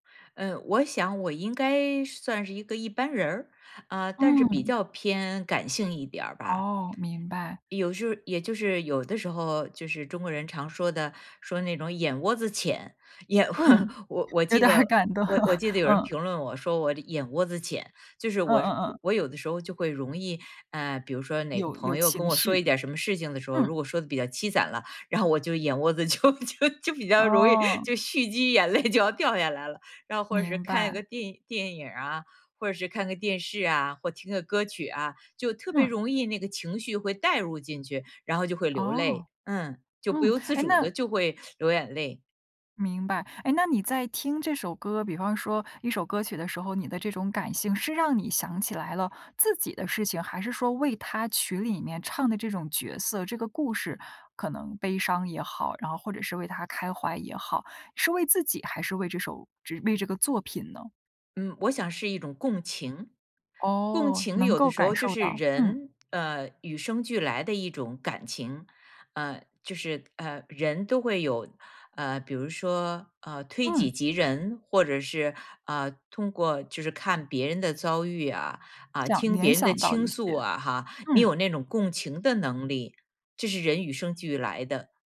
嗯，我想我应该算是一个一般人儿，啊，但是比嗯。较偏感性一点儿吧。哦，明白。有时候也就是有的时候，就是中国人常说的，说那种眼窝子浅，眼嗯，我我有记点儿得感动，我我记得有人嗯。评论我，说我眼窝子浅，就是嗯我嗯嗯。我有的时候就会容易，呃，比如说哪个有有朋友跟情我说一绪。点什么事情的时候，如嗯。果说的比较凄惨了，然后我就眼窝子就就就比较容易哦。就蓄积眼泪就要掉下来了，然后或者是明看一个白。电电影儿啊，或者是看个电视啊，或听个歌曲啊，就特别嗯。容易那个情绪会带入进去，然后就会流泪，哦，嗯，就不嗯，由自诶，主那地就会流眼泪。明白，唉，那你在听这首歌，比方说一首歌曲的时候，你的这种感性，是让你想起来了自己的事情，还是说为他曲里面唱的这种角色，这个故事可能悲伤也好，然后或者是为他开怀也好，是为自己还是为这首这为这个作品呢？嗯，我想是一种共情，共哦，情能有的够时候感就受是到，嗯。人，呃，与生俱来的一种感情，啊，就是啊，人都会有，呃，比如说，呃，推己嗯。及人，或者是，啊，通过就是看别人的遭遇呀，啊，想听联别人的想到倾一些，诉啊哈，你嗯。有那种共情的能力，这是人与生俱来的。